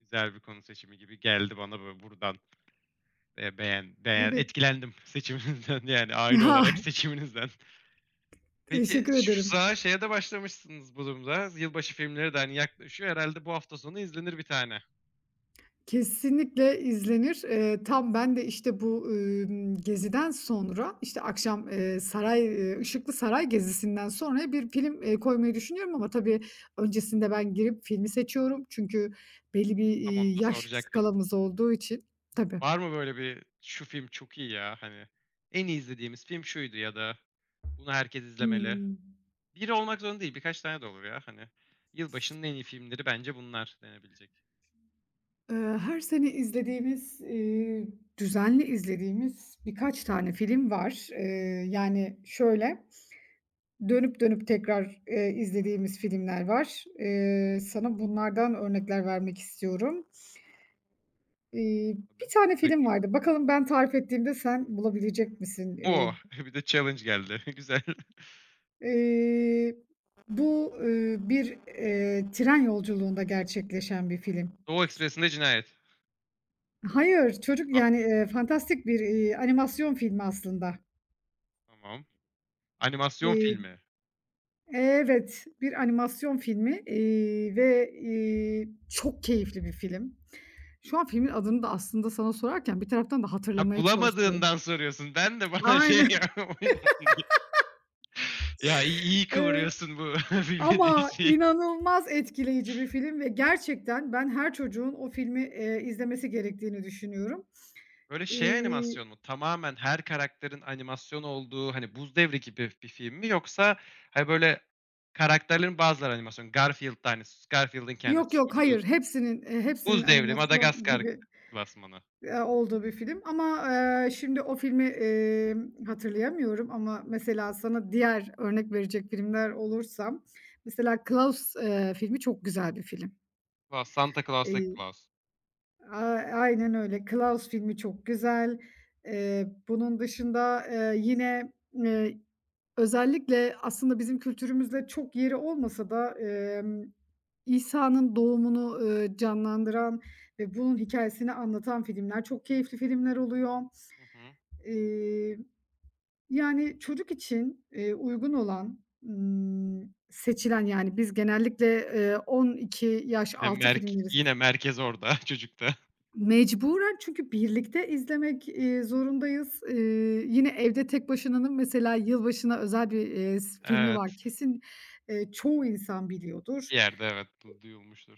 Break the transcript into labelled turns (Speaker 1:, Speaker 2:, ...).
Speaker 1: Güzel bir konu seçimi gibi geldi bana bö buradan, eee, beğen beğen
Speaker 2: Evet.
Speaker 1: etkilendim seçiminizden yani
Speaker 2: Ya
Speaker 1: aile olarak seçiminizden. Peki
Speaker 2: Teşekkür
Speaker 1: şu
Speaker 2: ederim.
Speaker 1: sıralar şeye de başlamışsınız bu durumda z yılbaşı filmleri de hani yaklaşıyor herhâlde bu hafta sonu izlenir bir tane.
Speaker 2: Kesinlikle izlenir. Eee, tam ben de işte bu, ımm, geziden sonra, işte akşam, eee, saray, Işıklı Saray Gezisi'nden sonraya bir film, eee, koymayı düşünüyorum ama tabii öncesinde ben girip filmi seçiyorum. Çünkü belli bir,
Speaker 1: Tam onu
Speaker 2: iii,
Speaker 1: da
Speaker 2: yaş
Speaker 1: soracaktım.
Speaker 2: skalamız olduğu için. Tabii.
Speaker 1: Var mı böyle bir: "Şu film çok iyi ya. Hani en iyi izlediğimiz film şuydu." ya da "Bunu herkes izlemeli."
Speaker 2: Hımm.
Speaker 1: Biri olmak zorunda değil, birkaç tane de olur, ya hani Yılbaşının en iyi filmleri bence bunlar denebilecek.
Speaker 2: Eee, her sene izlediğimiz, iii, düzenli izlediğimiz birkaç tane film var. Eee, yani şöyle, dönüp dönüp tekrar, eee, izlediğimiz filmler var. Eee, sana bunlardan örnekler vermek istiyorum. Eee, bir
Speaker 1: Tabii
Speaker 2: tane film
Speaker 1: [unintelligible]
Speaker 2: vardı. Bakalım ben tarif ettiğimde sen bulabilecek misin? Eee
Speaker 1: Oh! Bir de challenge geldi, güzel.
Speaker 2: Eee, bu, ııı, bir, eee, tren yolculuğunda gerçekleşen bir film.
Speaker 1: Doğu Ekspresinde Cinayet.
Speaker 2: Hayır, çocuk
Speaker 1: Ah.
Speaker 2: yani, eee, fantastik bir, iii, animasyon filmi aslında.
Speaker 1: Tamam. Animasyon
Speaker 2: Eee,
Speaker 1: filmi.
Speaker 2: evet, bir animasyon filmi, iii, ve, iii, çok keyifli bir film. Şu an filmin adını da aslında sana sorarken bir taraftan da
Speaker 1: Ha,
Speaker 2: hatırlamaya çalışıyorum.
Speaker 1: bulamadığından soruyorsun. Ben de bana şey
Speaker 2: Aynen.
Speaker 1: [unintelligible] Ya iyi iyi
Speaker 2: Eee,
Speaker 1: kıvırıyorsun bu bilmediğin
Speaker 2: ama
Speaker 1: şeyi.
Speaker 2: inanılmaz etkileyici bir film ve gerçekten ben her çocuğun o filmi, eee, izlemesi gerektiğini düşünüyorum.
Speaker 1: Böyle şey
Speaker 2: İii
Speaker 1: animasyon mu? Tamamen her karakterin animasyon olduğu hani 'Buz Devri' gibi bir film mi yoksa, hani, böyle karakterlerin bazıları animasyon; Garfield'da hani s Garfield'ın
Speaker 2: Yok
Speaker 1: kendisi,
Speaker 2: yok,
Speaker 1: Scooby Doo,
Speaker 2: hayır, hepsinin, eee, hepsinin
Speaker 1: Buz devri,
Speaker 2: animasyon
Speaker 1: Madagaskar
Speaker 2: gibi,
Speaker 1: klasmanı?
Speaker 2: eee, olduğu bir film. Ama, eee, şimdi o filmi, emm, hatırlayamıyorum ama mesela sana diğer örnek verecek filmler olursa, mesela Claus, eee, filmi çok güzel bir film.
Speaker 1: Va Santa Claus'taki
Speaker 2: Eee,
Speaker 1: Claus.
Speaker 2: ay aynen öyle, Claus filmi çok güzel. Eee, bunun dışında, eee, yine, eee, özellikle aslında bizim kültürümüzde çok yeri olmasa da, emm, İsa'nın doğumunu, ııı, canlandıran ve bunun hikâyesini anlatan filmler çok keyifli filmler oluyor.
Speaker 1: Hı hı.
Speaker 2: İii, yani çocuk için, eee, uygun olan, ımm, seçilen yani biz genellikle, eee, 12 yaş
Speaker 1: Ya
Speaker 2: altı
Speaker 1: merk
Speaker 2: filmleri s
Speaker 1: yine merkez orada çocukta.
Speaker 2: Mecburen. Çünkü birlikte izlemek, iii, zorundayız. İii, yine Evde Tek Başına'nın mesela yılbaşına özel bir, eee s filmi
Speaker 1: Evet.
Speaker 2: var. Kesin, eee, çoğu insan biliyordur.
Speaker 1: Bir yerde evet du duyulmuştur.